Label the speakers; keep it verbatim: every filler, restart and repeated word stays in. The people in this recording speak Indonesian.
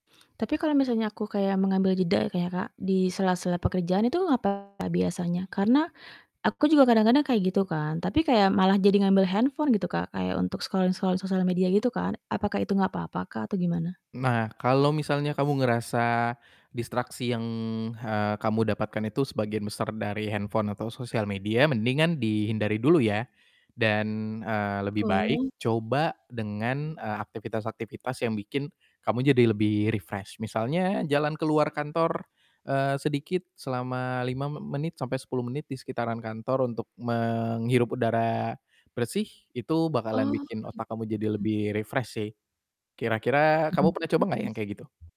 Speaker 1: Tapi kalau misalnya aku kayak mengambil jeda kayaknya, Kak, di sela-sela pekerjaan itu apa biasanya, karena aku juga kadang-kadang kayak gitu kan. Tapi kayak malah jadi ngambil handphone gitu, Kak, kayak untuk scrolling-scrolling sosial media gitu kan. Apakah itu nggak apa-apa, Kak, atau gimana?
Speaker 2: Nah, kalau misalnya kamu ngerasa distraksi yang ha kamu dapatkan itu sebagian besar dari handphone atau sosial media, mendingan dihindari dulu ya dan, eee, lebih baik
Speaker 1: Oh.
Speaker 2: coba dengan, eee, aktivitas-aktivitas yang bikin kamu jadi lebih refresh. Misalnya jalan keluar kantor, eee, sedikit selama lima me menit sampai sepuluh menit di sekitaran kantor untuk menghirup udara bersih, itu bakalan
Speaker 1: Oh,
Speaker 2: bikin otak kamu jadi
Speaker 1: gitu.
Speaker 2: lebih refresh, sih. Kira-kira kamu
Speaker 1: Bener
Speaker 2: pernah coba nggak
Speaker 1: juga sih.
Speaker 2: yang kayak gitu?